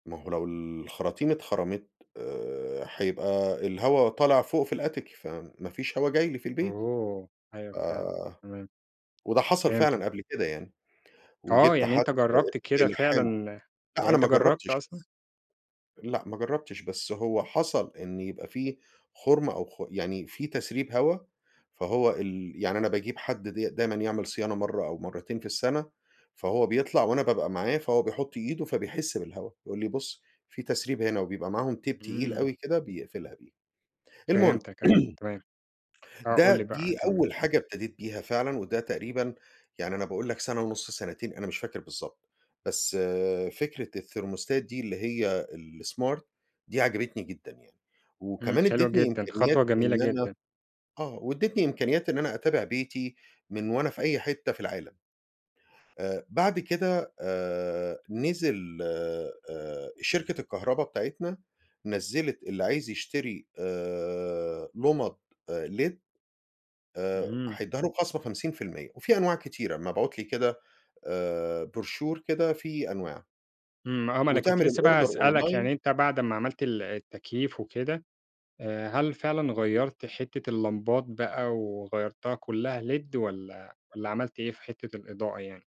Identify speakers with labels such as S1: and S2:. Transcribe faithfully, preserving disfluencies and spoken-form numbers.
S1: ما هو لو الخراطيم اتخرمت آآ، هيبقى الهواء طالع فوق في الAttic فما فيش هوا جاي لي في البيت. ف
S2: أوه! أيوه، فعلًا، تمام.
S1: وده حصل
S2: فهمتك.
S1: فعلًا قبل كده يعني
S2: آه،
S1: وجِبت
S2: يعني
S1: حد
S2: أنت جربت كده
S1: يلحمه.
S2: فعلًا
S1: لأ،
S2: يعني
S1: أنا
S2: أنت
S1: ما
S2: جربت
S1: جربتش لسه.
S2: أصلًا؟
S1: لأ، ما جربتش بس هو حصل إن يبقى في خرم أو خ يعني في تسريب هوا، فهو ال يعني أنا باجيب حد د دايمًا يعمل صيانة مرة أو مرتين في السنة، فهو بيطلع وأنا بابقى معاه، فهو بيحط إيده فبيحس بالهواء، يقول لي: "بُص، في تسريب هنا." وبيبقى معاهم Tape تقيل
S2: إمم.
S1: أوي كده بيقفلها بيه. المهم
S2: فهمتك، أيوه، تمام. آه، قُل
S1: ده
S2: لي بقى
S1: دي
S2: كمل.
S1: أول حاجة ابتديت بيها فعلًا وده تقريبًا يعني أنا باقول لك سنة ونص سنتين، أنا مش فاكر بالضبط، بس فكرة الثيرموستات دي اللي هي الsmart دي عجبتني جدًا يعني،
S2: إمم،
S1: وكمان
S2: حلو
S1: أديتني
S2: جدًا،
S1: إمكانيات
S2: خطوة جميلة
S1: إن أنا
S2: جدًا.
S1: آه، واديتني إمكانيات إن أنا أتابع بيتي من وأنا في أي حتة في العالم. آآ، بعد كده آآ، نزل آآ، شركة الكهرباء بتاعتنا نزّلت اللي عايز يشتري آآ، لُمَض آآ led آآ،
S2: إمم.
S1: هيديها له بخصم خمسين فى المِيّة، وفي أنواع كتيرة مبعوت لي كده آآ، Brochure كده فيه أنواع.
S2: امم، آه، ما أنا كنت
S1: وتعمل
S2: لسه بقى
S1: الأوردر
S2: هاسألك يعني
S1: أونلاي
S2: أنت بعد اما عملت ال التكييف وكده آآ، هل فعلًا غيرت حتة اللمبات بقى وغيرتها كلها led والّا والّا عملت إيه في حتة الإضاءة يعني؟